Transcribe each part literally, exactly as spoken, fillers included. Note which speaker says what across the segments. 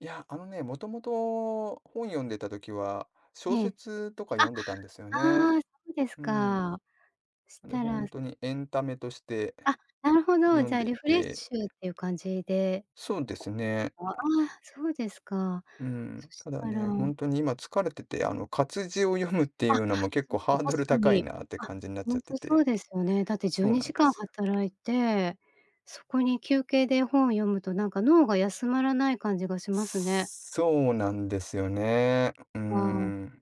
Speaker 1: や、あのね、もともと本読んでた時は、小
Speaker 2: ええ。
Speaker 1: 説とか
Speaker 2: あ、
Speaker 1: 読んでたんですよね。
Speaker 2: ああそうです
Speaker 1: うーん。
Speaker 2: か。そし
Speaker 1: で、
Speaker 2: た
Speaker 1: ほ
Speaker 2: ら
Speaker 1: んとにエンタメとして
Speaker 2: あ、なるほど。
Speaker 1: 読
Speaker 2: じ
Speaker 1: ん
Speaker 2: ゃあ
Speaker 1: で
Speaker 2: リ
Speaker 1: い
Speaker 2: フレッ
Speaker 1: て
Speaker 2: シュっていう感じで
Speaker 1: そうですね。
Speaker 2: ああ、そうですか。
Speaker 1: うーん。
Speaker 2: そし
Speaker 1: ただ
Speaker 2: たら
Speaker 1: ね、ほんとに今疲れてて、あの活字を読むってい
Speaker 2: あ、
Speaker 1: うのも結
Speaker 2: そ
Speaker 1: 構
Speaker 2: っか、
Speaker 1: ハード
Speaker 2: 確
Speaker 1: ル
Speaker 2: か
Speaker 1: 高い
Speaker 2: に。
Speaker 1: なって
Speaker 2: あ、
Speaker 1: 感じになっち
Speaker 2: ほ
Speaker 1: ゃっ
Speaker 2: ん
Speaker 1: て
Speaker 2: とそう
Speaker 1: て、
Speaker 2: ですよね。だってじゅ
Speaker 1: そ
Speaker 2: う
Speaker 1: う
Speaker 2: に
Speaker 1: なん
Speaker 2: じ
Speaker 1: で
Speaker 2: かん
Speaker 1: すよ。
Speaker 2: 働いて、そこに休憩で本を読むとなんか脳が休まらない感じがしますね。
Speaker 1: そうなんですよね。うー
Speaker 2: ああ。
Speaker 1: ん。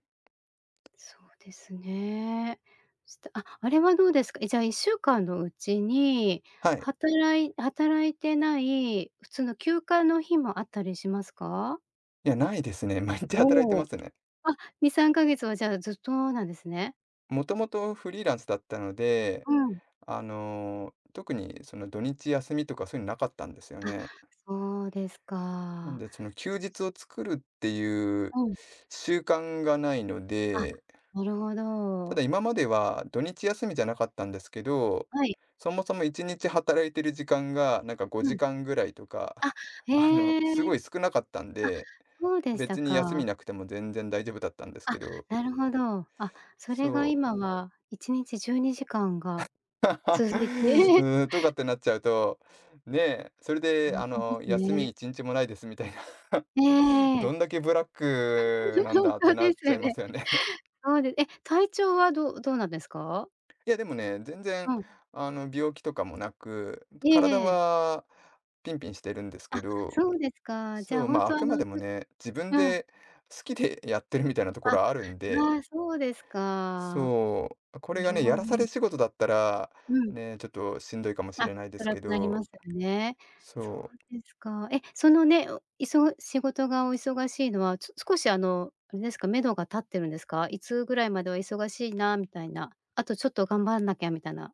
Speaker 2: そうですね、したあ、あれはどうですか？じゃあいっしゅうかんのうちに
Speaker 1: はい。
Speaker 2: 働い働いてない普通の休暇の日もあったりしますか？
Speaker 1: いや、ないですね。毎日働いて
Speaker 2: おお、
Speaker 1: ますね。
Speaker 2: あ、にさんかげつはじゃあずっとなんですね？
Speaker 1: もともとフリーランスだったので、
Speaker 2: うん。
Speaker 1: あの特にその土日休みとかそういうのなかったんですよ
Speaker 2: あ、
Speaker 1: ね。
Speaker 2: そうです
Speaker 1: なん
Speaker 2: か。
Speaker 1: で、その休
Speaker 2: そうす
Speaker 1: 日を作るっていう
Speaker 2: うん。
Speaker 1: 習慣がないの
Speaker 2: あ、
Speaker 1: で
Speaker 2: なるほ
Speaker 1: た
Speaker 2: ど。
Speaker 1: だ今までは土日休みじゃなかったんですけど、
Speaker 2: はい。
Speaker 1: そもそもいちにち働いてる時間が、なんかご
Speaker 2: う
Speaker 1: じ
Speaker 2: ん。
Speaker 1: かんぐらいとか、
Speaker 2: あ、
Speaker 1: あ
Speaker 2: へ
Speaker 1: の
Speaker 2: え。
Speaker 1: すごい少なかったん
Speaker 2: あ、
Speaker 1: で、
Speaker 2: そうでした
Speaker 1: 別に休み
Speaker 2: か。
Speaker 1: なくても全然大丈夫だったんです
Speaker 2: あ、
Speaker 1: けど
Speaker 2: なるほど。あ、そ
Speaker 1: そ
Speaker 2: れが
Speaker 1: う。
Speaker 2: 今はいちにちじゅうにじかんが 続いて
Speaker 1: うーん、とかってなっちゃうと、ね、それ
Speaker 2: ほ
Speaker 1: で
Speaker 2: ん
Speaker 1: あ
Speaker 2: とで
Speaker 1: の
Speaker 2: す
Speaker 1: 休みい
Speaker 2: ね。
Speaker 1: ちにちもないですみたいな。
Speaker 2: ええええええ。
Speaker 1: どんだけブラックなん
Speaker 2: ほん
Speaker 1: だって
Speaker 2: と
Speaker 1: な
Speaker 2: で
Speaker 1: っ
Speaker 2: す
Speaker 1: ち
Speaker 2: よ
Speaker 1: ゃいま
Speaker 2: ね。
Speaker 1: すよね。
Speaker 2: そうでえ、体調はどどうなんですか？
Speaker 1: や、でもね、全然
Speaker 2: うん。
Speaker 1: あの病気とかもなく、
Speaker 2: え
Speaker 1: 体
Speaker 2: えええ。
Speaker 1: はピンピンしてるんですけ
Speaker 2: あ、
Speaker 1: ど、
Speaker 2: そうですか。じゃ
Speaker 1: そ
Speaker 2: あ
Speaker 1: う、
Speaker 2: ほん
Speaker 1: ま、あ
Speaker 2: とあ
Speaker 1: くま
Speaker 2: の
Speaker 1: でも
Speaker 2: ちょっ
Speaker 1: ね、自分
Speaker 2: うん。
Speaker 1: で好きでやってるみたいなとこ
Speaker 2: あ、あ
Speaker 1: ろはあるんで
Speaker 2: あ、そうですか。
Speaker 1: そう。こ
Speaker 2: な
Speaker 1: れが
Speaker 2: る
Speaker 1: ね、
Speaker 2: ほ
Speaker 1: や
Speaker 2: ど。
Speaker 1: らされ仕事だったら、
Speaker 2: うん。
Speaker 1: ね、ちょっとしんどいかもし
Speaker 2: あ、
Speaker 1: れないです
Speaker 2: 辛
Speaker 1: け
Speaker 2: くなり
Speaker 1: ど
Speaker 2: ますよね。そ
Speaker 1: そう。
Speaker 2: うですか。え、そのね、いそ仕事がお忙しいのは、ちょっ少しあのあれですか、めどが立ってるんですか？いつぐらいまでは忙しいなみたいな、あとちょっと頑張んなきゃみたいな。